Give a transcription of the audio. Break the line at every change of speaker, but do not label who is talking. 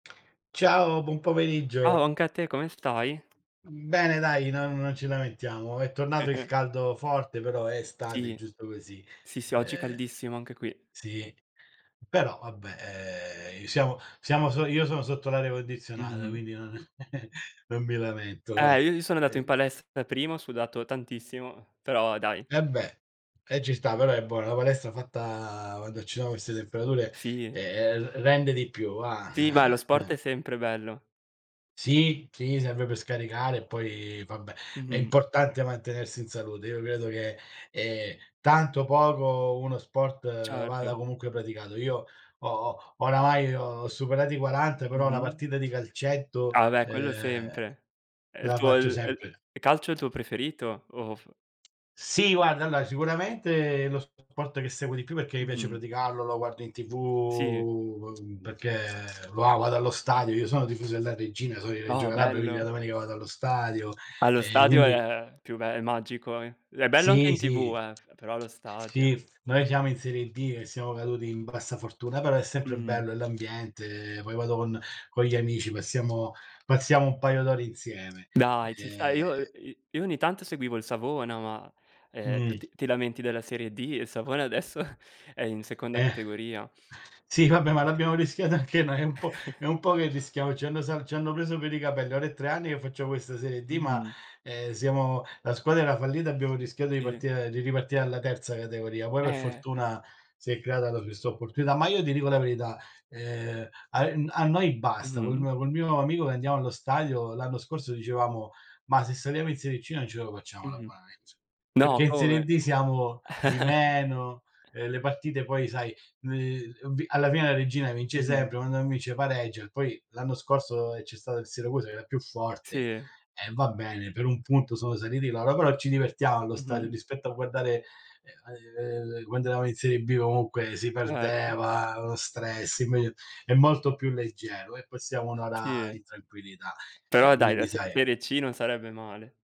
Ciao, buon
Ciao
pomeriggio.
anche a te, come stai?
Mhmm, bene dai non non ci lamentiamo. È tornato il caldo forte, però è estate, è
Sì.
giusto così.
Sì, sì, oggi è
Ehm,
caldissimo anche qui.
sì. Però vabbè, ehm, i siamo siamo so io sono sotto l'aria condizionata,
Mh-mh.
quindi non non mi lamento va.
Eh io-io sono andato in
Ehm
palestra prima, ho sudato tantissimo, però dai.
Eh beh, eh ci sta però, eh boh, la palestra fatta quando ci sono queste temperature,
Sì.
ehm, r rende di più va.
Sì, ma lo sport è sempre bello.
Sì, sì serve per scaricare e poi, vabbè, è
Mh-mh.
importante mantenersi in salute. Io credo che, ehm, tanto, o poco, uno sport vada
Certo.
comunque praticato. Io ho oramai ho superati 40 però la
Mh-mh.
partita di calcetto,
Ah beh quello
uhm,
sempre. È il
la
tuo è
faccio
il
sempre.
è il calcio è il tuo preferito o o f
Sì guarda, allora sicuramente è lo sport che seguo di più perché mi piace
Mh-mh.
praticarlo, lo guardo in TV,
Sì.
uhm, perché va vado allo stadio, io sono tifoso della Reggina, sono di Reggio
Oh
Calabria, quindi la
bello.
domenica vado allo stadio,
Allo
ehm,
stadio è
quindi
è più bello, magico. Ed è bello anche
Sì,
in TV,
sì.
eh, p però allo stadio!
Sì, noi siamo in serie D e siamo caduti in bassa fortuna, però è sempre
Mh-mh.
bello, è l'ambiente, poi vado con con gli amici, passiamo passiamo un paio d'ore insieme.
Dai ci sta,
Ehm.
io i io ogni tanto seguivo il Savona, ma, ehm,
Mh.
t-ti lamenti della serie D e il Savona adesso è in seconda
Eh!
categoria.
Sì vabbè ma l'abbiamo rischiato anche noi, è un po' è un po' che rischiamo, ci hanno sal ci hanno preso per i capelli. Ora è 3 anni che faccio questa serie D ma,
Mh-mh.
ehm, siamo la squadra era fallita e abbiamo rischiato di
Sì.
partire di riparti alla terza categoria. Poi per
Eh!
fortuna, si è creata poi questa opportunità, ma io ti dico la verità, ehm, ai n a noi basta, col
Mh-mh.
mio col mio amico che andiamo allo stadio, l'anno scorso dicevamo: "Ma se saliamo in serie C non ce lo facciamo
Mh-mh.
l'abbonamento!",
No,
perché in serie
come?
D siamo di meno, ehm, le partite poi, sai, l ubi alla fine la Reggina vince
Mh-mh.
sempre, quando non vince pareggia, e poi, l'anno scorso, ehm, c'è stato il Siracusa che era più forte,
Sì.
e va bene, per 1 punto sono saliti loro, però ci divertiamo allo stadio
Mh-mh.
rispetto a guardare, ehm, ai ve quando eravamo in serie B comunque si
Certo.
perdeva, lo stress, è m è molto più leggero, e passiamo 1 ora
Sì.
in tranquillità.
Però
Ehm,
dai la
quindi
se
sai
serie C non sarebbe male.